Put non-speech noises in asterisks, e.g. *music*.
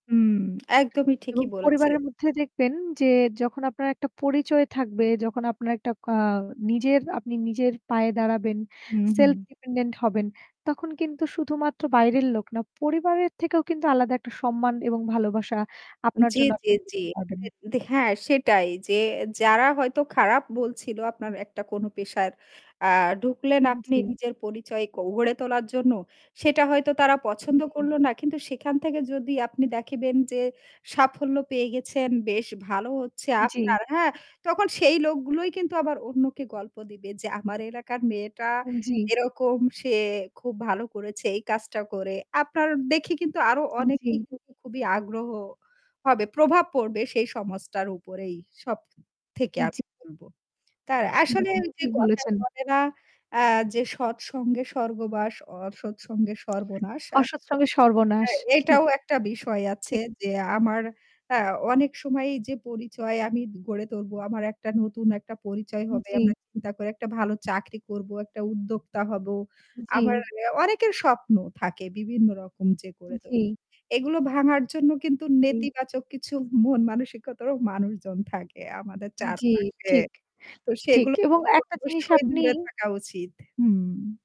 উম একদমই ঠিকই এবং বলেছেন। পরিবারের মধ্যে দেখবেন যে যখন আপনার একটা পরিচয় থাকবে, যখন আপনার একটা কা নিজের আপনি নিজের পায়ে দাঁড়াবেন, হুম, হুম। self dependent হবেন, তখন কিন্তু শুধুমাত্র বাইরের লোক না, পরিবারের থেকেও কিন্তু আলাদা একটা সম্মান এবং ভালোবাসা উ আপনার জ্বী, জন্য জ্বী, আপনি জ্বী। দেখতে পারবেন। অ্যা দে হ্যাঁ সেটাই যে যারা হয়তো খারাপ বলছিল আপনার একটা কোন পেশার আ ঢুকলেন আপনি উম-জী। নিজের পরিচয় ক গড়ে তোলার জন্য, সেটা হয়তো তারা পছন্দ জ্বী। করলো না। কিন্তু সেখান থেকে যদি আপনি দেখেবেন যে সাফল্য পেয়ে গেছেন, বেশ ভালো হচ্ছে জ্বী। আপনার, হ্যাঁ? তখন সেই লোকগুলোই কিন্তু আবার অন্যকে গল্প দিবে যে, "আমার এলাকার মেয়েটা উম-জ্বী। এরকম সে খুব ভালো করেছে এই কাজটা করে।" আপনার দেখে কিন্তু আরও অনেকেই উম-জী। কিন্তু খুবই আগ্রহ হবে। প্রভাব পড়বে সেই সমাজটার উপরেই সব থেকে আমি উম-জী। বলবো। তার আসলে হুম। ওই যে ঠিক কথায় বলেছেন। বলে না? আ যে, "সৎসঙ্গে স্বর্গবাস, অসৎ সঙ্গে সর্বনাশ।" আ অসৎ সঙ্গে সর্বনাশ। হ্যাঁ হুম। এটাও একটা বিষয় আছে ঠিক। যে, আমার আ অনেক সময় যে পরিচয় আমি গড়ে ধরবো। আমার একটা নতুন একটা পরিচয় হবে। উম-জ্বী। আমরা চিন্তা করে একটা ভালো চাকরি করবো, একটা উদ্যোক্তা হব। আবার জ্বী। এ অনেকের স্বপ্ন থাকে বিভিন্ন রকম যে, গড়ে জ্বী। *unintelligible* এগুলো ভাঙার জন্য কিন্তু হুম। নেতিবাচক কিছু মন মানসিকতারও মানুষজন থাকে আমাদের উম জ্বী। চারপাশে। ঠিক, তো ঠিক। সেগুলো এবং একটা জিনিস অবশ্যই আপনি দূরে থাকা উচিত। হুম।